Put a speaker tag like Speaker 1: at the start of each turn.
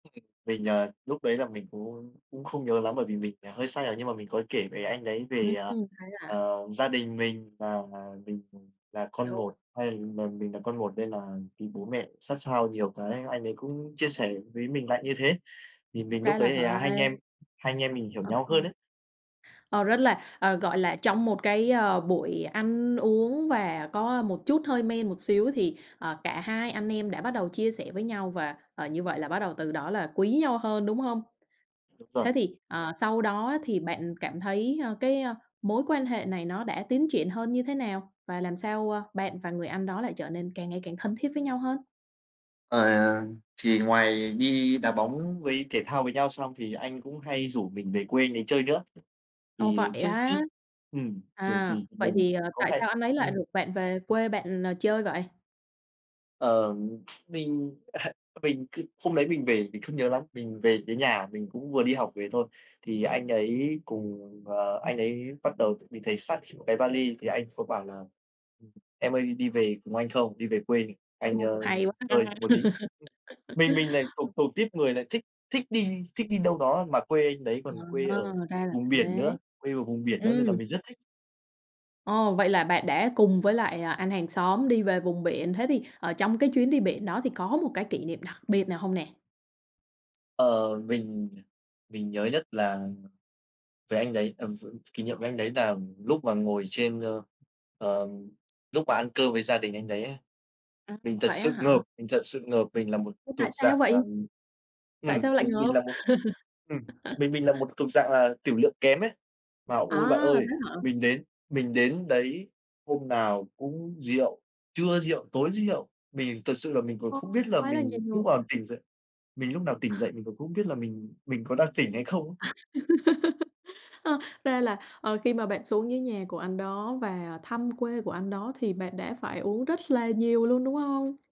Speaker 1: Ừm, ừm, mình, ờ, lúc đấy là mình cũng cũng không nhớ lắm bởi vì mình là hơi say rồi nhưng mà mình có kể với anh đấy
Speaker 2: Ừm,
Speaker 1: về, à,
Speaker 2: ừm, thế à.
Speaker 1: ờ, gia đình mình và mình là con
Speaker 2: Kiểu
Speaker 1: một. Hay mà mình là con một nên là bị bố mẹ sát sao nhiều cái anh ấy cũng chia sẻ với mình lại như thế. Thì mình
Speaker 2: Ra
Speaker 1: lúc
Speaker 2: là
Speaker 1: đấy thì hai anh
Speaker 2: vậy.
Speaker 1: em hai anh em mình hiểu
Speaker 2: Ờ,
Speaker 1: nhau
Speaker 2: ờ.
Speaker 1: hơn ấy.
Speaker 2: Ờ, rất là, ờ, gọi là, trong một cái, ờ, buổi ăn uống và có một chút hơi men một xíu thì, ờ, cả hai anh em đã bắt đầu chia sẻ với nhau và, ờ, như vậy là bắt đầu từ đó là quý nhau hơn, đúng hông?
Speaker 1: Đúng rồi.
Speaker 2: Thế thì, ờ, sau đó thì bạn cảm thấy, ơ, cái, ơ, mối quan hệ này nó đã tiến triển hơn như thế nào và làm sao, a, bạn và người anh đó lại trở nên càng ngày càng thân thiết với nhau hơn?
Speaker 1: Ờ, thì ngoài đi đá bóng với thể thao với nhau xong thì anh cũng hay rủ mình về quê anh ấy chơi nữa.
Speaker 2: Ồ,
Speaker 1: Thì
Speaker 2: vậy
Speaker 1: trước trước
Speaker 2: á?
Speaker 1: ừm, thường
Speaker 2: À,
Speaker 1: thì
Speaker 2: vậy
Speaker 1: mình
Speaker 2: thì, ờ,
Speaker 1: có
Speaker 2: tại
Speaker 1: hay
Speaker 2: sao anh ấy lại
Speaker 1: ừm.
Speaker 2: rủ bạn về quê bạn chơi vậy?
Speaker 1: Ờ, mình, à, mình cứ hôm đấy mình về mình không nhớ lắm, mình về tới nhà mình cũng vừa đi học về thôi. Thì anh ấy cùng ờ, anh ấy bắt đầu mình thấy xách một cái va li thì anh có bảo là [unintelligible] "Em ơi, đi về cùng anh không? Đi về quê anh,
Speaker 2: Ô,
Speaker 1: ơ,
Speaker 2: hay quá
Speaker 1: chơi
Speaker 2: ha.
Speaker 1: một tí." Ừm, mình mình lại thuộc
Speaker 2: [unintelligible]
Speaker 1: thuộc tuýp người lại thích thích đi thích đi đâu đó, mà quê anh đấy
Speaker 2: Ờ,
Speaker 1: còn quê ở
Speaker 2: ra là
Speaker 1: vùng biển
Speaker 2: thế.
Speaker 1: nữa quê ở vùng biển nữa
Speaker 2: Ừm.
Speaker 1: nên là mình rất thích.
Speaker 2: Ồ, vậy là bạn đã cùng với lại, à, anh hàng xóm đi về vùng biển, thế thì, ờ, trong cái chuyến đi biển đó thì có một cái kỷ niệm đặc biệt nào hông nè?
Speaker 1: Ờ, mình, ờ, mình nhớ nhất là về anh đấy, ờ, v kỷ niệm với anh đấy là lúc mà ngồi trên, ơ, ờ, lúc mà ăn cơm với gia đình anh đấy ấy.
Speaker 2: A,
Speaker 1: Mình thật
Speaker 2: vậy á
Speaker 1: sự ngợp,
Speaker 2: hả?
Speaker 1: mình thật sự ngợp, mình là một
Speaker 2: Ô,
Speaker 1: thuộc
Speaker 2: tại sao
Speaker 1: dạng là,
Speaker 2: vậy?
Speaker 1: ừm
Speaker 2: Tại
Speaker 1: ừm,
Speaker 2: sao lại
Speaker 1: mình mình
Speaker 2: ngợp?
Speaker 1: là một ừm, mình mình là một thuộc dạng là tửu lượng kém ấy, mà ôi bạn
Speaker 2: À,
Speaker 1: ơi,
Speaker 2: thế hả?
Speaker 1: mình đến mình đến đấy hôm nào cũng rượu, trưa rượu, tối rượu mình thật sự là mình còn
Speaker 2: Ô,
Speaker 1: không biết là
Speaker 2: quá là
Speaker 1: mình lúc
Speaker 2: nhiều.
Speaker 1: nào tỉnh dậy mình lúc nào tỉnh dậy mình cũng không biết là mình mình có đang tỉnh hay không á.
Speaker 2: Ơ, ra là, ờ, khi mà bạn xuống dưới nhà của anh đó và thăm quê của anh đó thì bạn đã phải uống rất là nhiều luôn, đúng hông?